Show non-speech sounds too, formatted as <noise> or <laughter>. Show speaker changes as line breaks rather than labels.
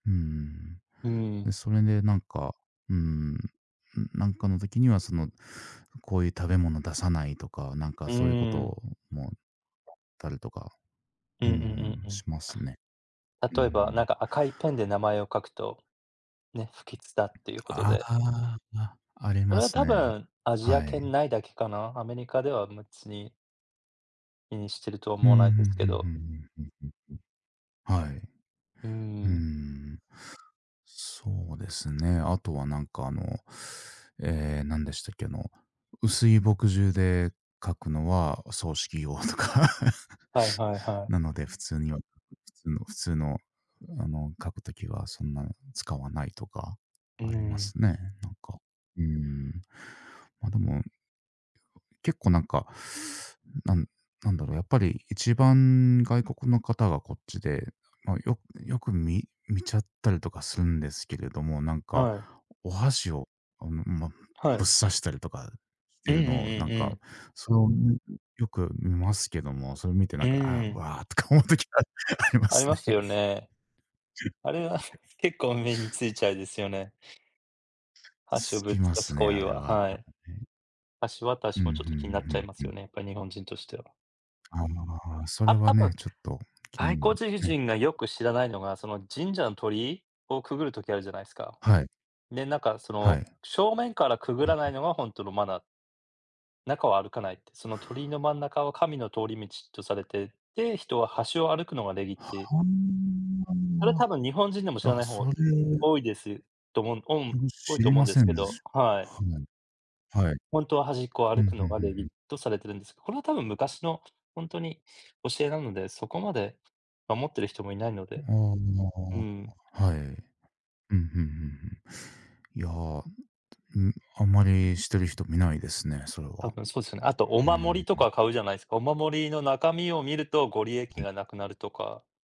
うん。
うん。
で、それでなんか、うーん、なんかの時にはそのこういう食べ物出さないとか、なんか
う
そういう
ーん。
事もあったりとか、
う
う
ん
ー
うん
ん、
うんう
し
ん。
ますね。う
例えば、なん
ん。
か赤いペンで名前を書くと、ね、不吉だっていうこと
あ
で。
あ、あ、あり
それ
ま
は
す
多
ね、
分、アジア
は
圏
い。
内だけかな、アメリカでは別に気にしてると
ふんふ
思わないです
ん
け
ふんふ
ど。
んふんふんふんふん。はい。
うー
うー
ん。
ん。そうですね、後はなんかあのええ、なんでしたっけ、あの、薄い墨汁で書くのはお葬式用とか。
はい
<laughs>
はいはい。
なので、普通には普通の普通のあの、書く時はそんな使わないとか
う
ありま
ん。
すね、なんか。うーん、までも結構なんか、なん、なんだろう、やっぱり一番外国の方がこっちで、ま、よよくみ見ちゃったりとかするんですけれども、なんか、
はい。
お箸をあの、ま、ぶっ
はい。
刺したりとかし
う
て
んうん
るのを
う
なん
んう
か、
ん。
それをよく見ますけども、それを見てな
う
んか、ああ、
ん。
わ、とか思う時がありま
あり
す
ま
ね。
すよ
<laughs>
ね。あれは <chuckles>
<unintelligible>
結構目についちゃうですよね。箸を
つ
ぶっ
きま
さ
す
す
ね、
行為
あれ
は、
は、なん
は
か
い。
ね。
箸わた
うん
し
う
もちょっと気になっちゃい
ん
ま
う
す
んうん。
よね、やっぱり日本人としては。
あ、ま、それ
あ、
は
あ
ね、
と、
ちょっと気に
がい
なり
こ
ま
つ
す
じじ
ね。
んがよく知らないのが、その、神社の鳥居をくぐる時あるじゃないですか。
はい。
で、なんかそ
はい。
の、
う
正面からくぐ
ん
らな
う
い
ん。
のが本当のマナー。中は歩かないって、その鳥居の真ん中は神の通り道とされて、で、人は端を歩くのが礼儀って。それは多分日本人でも知らな
は。
い
あ、
方、
それ
多いですと思う。おん多い
知
と
り
思う
ま
んで
せ
す
ん
け
でし
ど、
す。
はい。
ふん。はい。
本当は端っこを
ふ
歩
ん
く
ふ
の
ん
が
ふん
礼
ふ
儀
ん。
とされているんです。これは多分昔の本当に教えなので、そこまで守っている人もいないので、
あ
うん。
あ、はい。うんうんうんうん。いや、うーん、あんまりしてる人見ないですね、それ
多
は。
分そうですよね。あとお
う
守
ん。
りとか買うじゃないですか。お守りの中身を見るとご利益
うん。
がなくなるとか。